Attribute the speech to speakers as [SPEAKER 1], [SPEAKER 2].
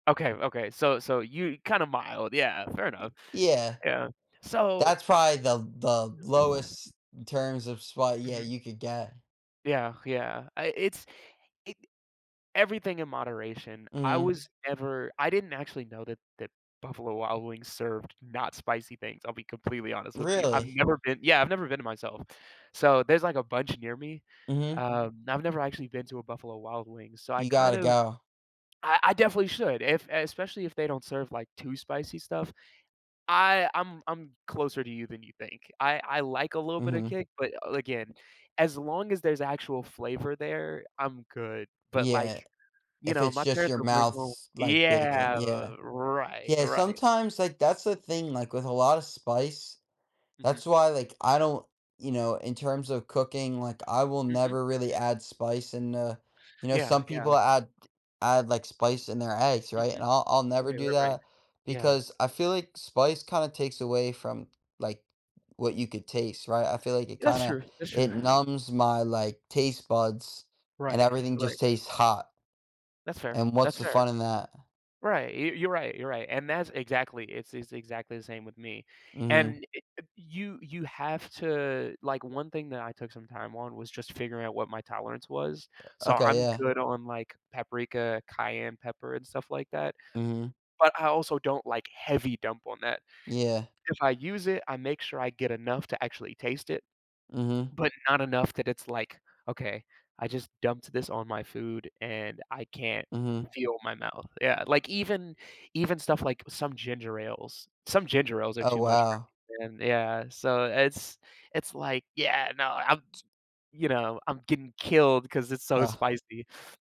[SPEAKER 1] Okay, okay, so so you kinda mild, yeah, fair
[SPEAKER 2] Y y
[SPEAKER 1] enough,
[SPEAKER 2] yeah,
[SPEAKER 1] yeah, so
[SPEAKER 2] that's probably the the lowest in terms of spot yeah,
[SPEAKER 1] Mhm.
[SPEAKER 2] you could get.
[SPEAKER 1] Yeah yeah, I it's it everything in moderation, I
[SPEAKER 2] Mhm.
[SPEAKER 1] was never I didn't actually know that that Buffalo Wild Wings served not spicy things, I'll be completely honest with you, I've
[SPEAKER 2] Really?
[SPEAKER 1] never been yeah, I've never been there myself, so, there's, like, a bunch near me,
[SPEAKER 2] Mhm.
[SPEAKER 1] um, I've never actually been to a Buffalo Wild Wings, so, I
[SPEAKER 2] You
[SPEAKER 1] kind
[SPEAKER 2] gotta
[SPEAKER 1] of
[SPEAKER 2] go.
[SPEAKER 1] I I definitely should if especially if they don't serve, like, too spicy stuff. I I'm I'm closer to you than you think, I I like a little bit of
[SPEAKER 2] Mhm.
[SPEAKER 1] kick, but a again, as long as there's actual flavor there, I'm good. But
[SPEAKER 2] Yeah,
[SPEAKER 1] like, you
[SPEAKER 2] if
[SPEAKER 1] know,
[SPEAKER 2] it's
[SPEAKER 1] my
[SPEAKER 2] just
[SPEAKER 1] parents
[SPEAKER 2] your
[SPEAKER 1] will bring home
[SPEAKER 2] mouths, like bacon,
[SPEAKER 1] yeah,
[SPEAKER 2] yeah,
[SPEAKER 1] right,
[SPEAKER 2] yeah,
[SPEAKER 1] right.
[SPEAKER 2] sometimes like, that's the thing, like, with a lotta spice
[SPEAKER 1] Mhm.
[SPEAKER 2] that's why like, I don't, you know, in terms of cooking, like, I will
[SPEAKER 1] Mhm, mhm.
[SPEAKER 2] never really add spice in the you know,
[SPEAKER 1] Yeah,
[SPEAKER 2] some
[SPEAKER 1] yeah.
[SPEAKER 2] people add add like, spice in their eggs, right, and
[SPEAKER 1] Mhm,
[SPEAKER 2] I'll I'll never
[SPEAKER 1] right,
[SPEAKER 2] do
[SPEAKER 1] right, right,
[SPEAKER 2] that
[SPEAKER 1] yeah.
[SPEAKER 2] because I feel like spice kinda takes away from, like, what you could taste, right, I feel like it
[SPEAKER 1] That's
[SPEAKER 2] kinda
[SPEAKER 1] true that's true.
[SPEAKER 2] it numbs my, like, taste buds and
[SPEAKER 1] Right,
[SPEAKER 2] everything
[SPEAKER 1] right.
[SPEAKER 2] just tastes hot.
[SPEAKER 1] That's fair
[SPEAKER 2] And what's
[SPEAKER 1] that's
[SPEAKER 2] the
[SPEAKER 1] fair,
[SPEAKER 2] fun in that?
[SPEAKER 1] right, you you're right, you're right, and that's exactly it's it's exactly the same with me,
[SPEAKER 2] Mhm.
[SPEAKER 1] and y you you have to like, 1 thing that I took some time on was just figuring out what my tolerance was,
[SPEAKER 2] Eh
[SPEAKER 1] so,
[SPEAKER 2] okay,
[SPEAKER 1] I'm
[SPEAKER 2] yeah.
[SPEAKER 1] good on, like, paprika, cayenne pepper, and stuff like that.
[SPEAKER 2] Mhm.
[SPEAKER 1] But I also don't like heavy dump on that.
[SPEAKER 2] Yeah.
[SPEAKER 1] If I use it, I make sure I get enough to actually taste it,
[SPEAKER 2] Mhm.
[SPEAKER 1] but not enough that it's, like, "Okay, I just dumped this on my food and I can't
[SPEAKER 2] Mhm.
[SPEAKER 1] feel my mouth." Yeah, like even even stuff, like, some ginger ales some ginger ales are
[SPEAKER 2] Oh
[SPEAKER 1] too much
[SPEAKER 2] wow.
[SPEAKER 1] for me, and yeah, so it's it's like, yeah, no, I'm
[SPEAKER 2] T
[SPEAKER 1] you know, I'm getting killed cause it's so
[SPEAKER 2] Ugh.
[SPEAKER 1] spicy.